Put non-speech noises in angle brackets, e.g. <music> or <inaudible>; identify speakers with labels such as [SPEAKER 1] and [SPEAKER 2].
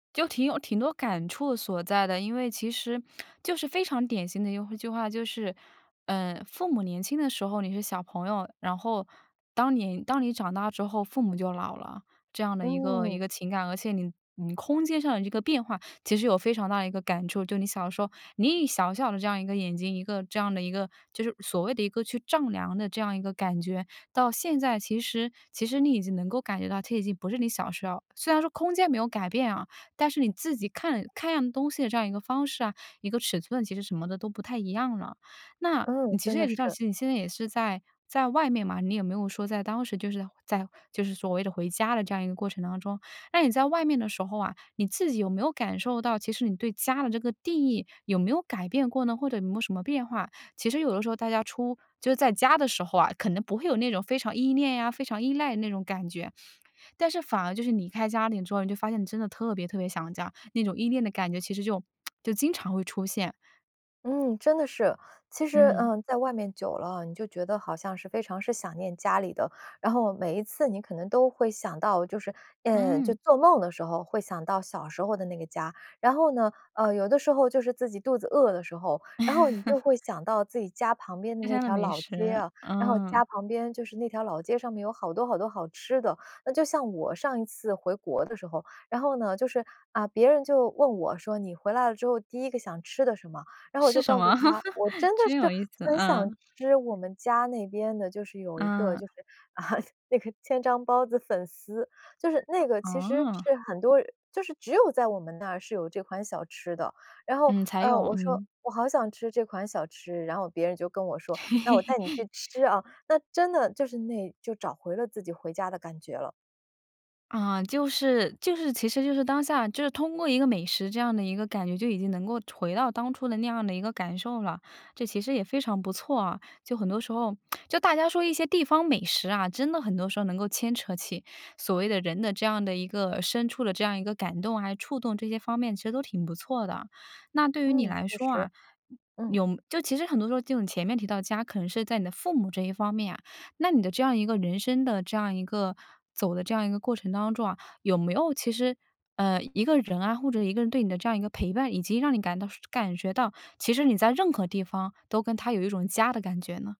[SPEAKER 1] 就挺有挺多感触所在的，因为其实就是非常典型的一句一句话，就是，呃，父母年轻的时候，你是小朋友，然后当你当你长大之后，父母就老了。这样的一个一
[SPEAKER 2] 嗯。
[SPEAKER 1] 个情感，而且你你空间上的这个变化，其实有非常大的一个感触。就你的小时候，你以小小的这样一个眼睛，一个这样的一个就是所谓的一个去丈量的这样一个感觉，到现在其实其实你已经能够感觉到其实已经不是你小时候，虽然说空间没有改变啊，但是你自己看看样东西的这样一个方式啊，一个尺寸，其实什么的都不太一样了。那你
[SPEAKER 2] 嗯，
[SPEAKER 1] 其
[SPEAKER 2] 真
[SPEAKER 1] 实也
[SPEAKER 2] 的是。
[SPEAKER 1] 提到你现在也是在在外面嘛，你也没有说在当时就是在就是所谓的回家的这样一个过程当中。那你在外面的时候啊，你自己有没有感受到，其实你对家的这个定义，有没有改变过呢，或者有没有什么变化？其实有的时候大家出就是在家的时候啊，可能不会有那种非常依恋呀，非常依赖那种感觉。但是反而就是离开家里之后，你就发现你真的特别特别想家。那种依恋的感觉，其实就 <smacks lips> 就经常会出现。
[SPEAKER 2] 嗯，真的是。其实，
[SPEAKER 1] 嗯。
[SPEAKER 2] 呃，在外面久了哦，你就觉得好像是非常是想念家里的，然后每一次你可能都会想到就是呃，就
[SPEAKER 1] 嗯。
[SPEAKER 2] 做梦的时候会想到小时候的那个家。然后呢，呃，有的时候就是自己肚子饿的时候，然后你就会
[SPEAKER 1] <laughs>
[SPEAKER 2] 想到自己家旁边的
[SPEAKER 1] 家
[SPEAKER 2] 那
[SPEAKER 1] 乡的
[SPEAKER 2] 条
[SPEAKER 1] 美
[SPEAKER 2] 老街
[SPEAKER 1] 食，
[SPEAKER 2] 啊，然后
[SPEAKER 1] 嗯。
[SPEAKER 2] 家旁边就是那条老街上面有好多好多好吃的。那就像我上一次回国的时候，然后呢就是，啊，别人就问我说：“你回来了之后第一个想吃的什么？“然后我
[SPEAKER 1] 是
[SPEAKER 2] 就
[SPEAKER 1] 什
[SPEAKER 2] 告诉
[SPEAKER 1] 么？
[SPEAKER 2] 他，我
[SPEAKER 1] <laughs>
[SPEAKER 2] 真的
[SPEAKER 1] 真有
[SPEAKER 2] 是
[SPEAKER 1] 意思。
[SPEAKER 2] 很想
[SPEAKER 1] 嗯。
[SPEAKER 2] 吃我们家那边的就是有一个就
[SPEAKER 1] 嗯。
[SPEAKER 2] 是，啊，那个千张包子粉丝。就是那个其实
[SPEAKER 1] 哦。
[SPEAKER 2] 是很多就是只有在我们那是有这款小吃的，然后，
[SPEAKER 1] 嗯，才
[SPEAKER 2] 呃，
[SPEAKER 1] 有，
[SPEAKER 2] 我说：
[SPEAKER 1] 嗯。
[SPEAKER 2] “我好想吃这款小吃”，然后别人就跟我说：“那我带你去吃啊”，那真的
[SPEAKER 1] <laughs>
[SPEAKER 2] 就是那就找回了自己回家的感觉了。
[SPEAKER 1] 啊，就是就是其实就是当下就是通过一个美食这样的一个感觉，就已经能够回到当初的那样的一个感受了，这其实也非常不错啊。就很多时候，<smacks lips> 就大家说一些地方美食啊，真的很多时候能够牵扯起所谓的人的这样的一个深处的这样一个感动啊，还有触动这些方面其实都挺不错的。那对于你
[SPEAKER 2] 嗯，
[SPEAKER 1] 来
[SPEAKER 2] 确
[SPEAKER 1] 说啊，
[SPEAKER 2] 实，嗯。
[SPEAKER 1] 有就其实很多时候这种前面提到家可能是在你的父母这一方面啊，那你的这样一个人生的这样一个走的这样一个过程当中啊，有没有其实，呃，一个人啊或者一个人对你的这样一个陪伴，以及让你感到感觉到，其实你在任何地方都跟他有一种家的感觉呢？